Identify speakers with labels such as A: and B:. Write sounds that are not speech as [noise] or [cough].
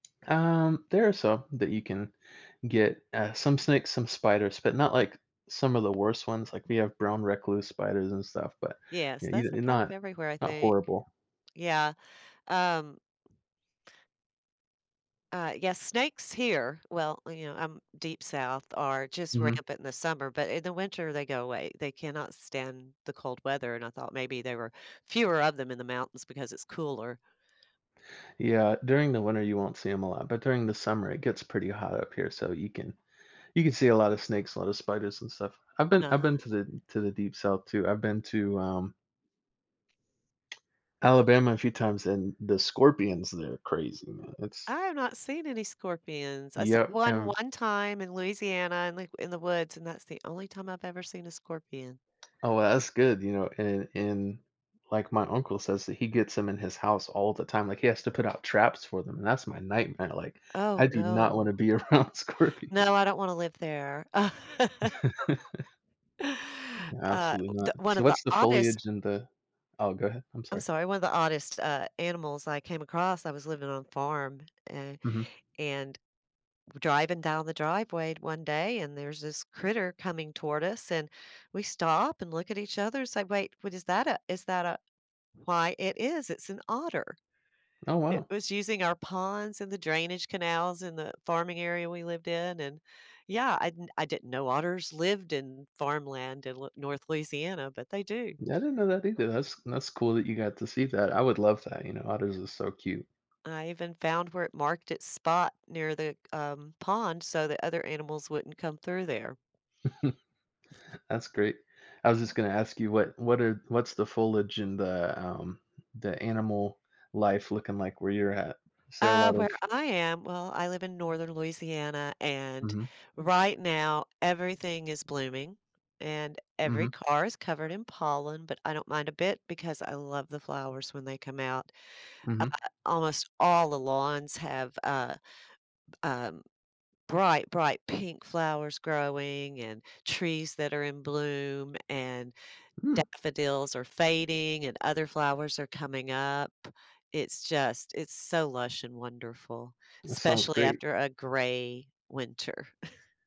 A: Um, there are some that you can get, uh, some snakes, some spiders, but not, like, some of the worst ones, like, we have brown recluse spiders and stuff, but
B: Yes,
A: you
B: those
A: you're
B: are kind of
A: not
B: everywhere, I
A: not, uh,
B: think.
A: horrible.
B: Yeah, um Uh, yes, snakes here, well, you know, um, deep South are just
A: Mhm.
B: rampant in the summer, but in the winter, they go away. They cannot stand the cold weather and I thought maybe there were fewer of them in the mountains because it's cooler.
A: Yeah, during the winter you won't see 'em a lot, but during the summer it gets pretty hot up here, so you can you can see a lotta snakes, a lotta spiders and stuff. I've been I've been
B: Uh.
A: to the to the deep South too. I've been to, um Alabama a few times and the scorpions, there crazy, man, it's
B: I have not seen any scorpions. I saw
A: Yeah,
B: 1
A: and
B: one time in Louisiana and, like in the woods, and that's the only time I've ever seen a scorpion.
A: Oh well, that's good, you know, and and, like, my uncle says that he gets 'em in his house all the time, like, he has to put out traps for them, and that's my nightmare, like, I
B: Oh
A: do not want to
B: no.
A: be around scorpion.
B: No, I don't wanna live there. [laughs]
A: [laughs]
B: Uh,
A: Absolutely
B: d
A: not.
B: one
A: So,
B: of the
A: what's the
B: oddest
A: foliage and the Oh, go ahead, I'm
B: I'm
A: sorry.
B: sorry, one of the oddest, uh, animals I came across. I was living on a farm, and
A: Mhm.
B: and driving down the driveway one day and there's this critter coming toward us, and we stop and look at each other and say, "Wait, what is that a is that a why it is, it's an otter."
A: Oh
B: It
A: wow.
B: was using our ponds and the drainage canals in the farming area we lived in, and yeah, I I didn't know otters lived in farmland in L North Louisiana, but they do.
A: Yeah, I
B: [chuckles]
A: didn't know that either. That's that's cool that you got to see that. I would love that, you know, otters are so cute.
B: I even found where it marked its spot near the, um, pond so that other animals wouldn't come through there.
A: [chuckles] That's great. I was just gonna ask you what what are what's the foliage in the, um, the animal life looking like where you're at? Is there a
B: Uh,
A: lot of
B: where I am, well, I live in Northern Louisiana, and
A: Mhm.
B: right now, everything is blooming, and every
A: Mhm.
B: car is covered in pollen, but I don't mind a bit because I love the flowers when they come out. Uh,
A: Mhm
B: almost all the lawns have, uh, um, bright, bright pink flowers growing, and trees that are in bloom, and
A: Mm.
B: daffodils are fading, and other flowers are coming up. It's just it's so lush and wonderful,
A: That sounds
B: especially
A: great.
B: after a gray winter. [chuckles]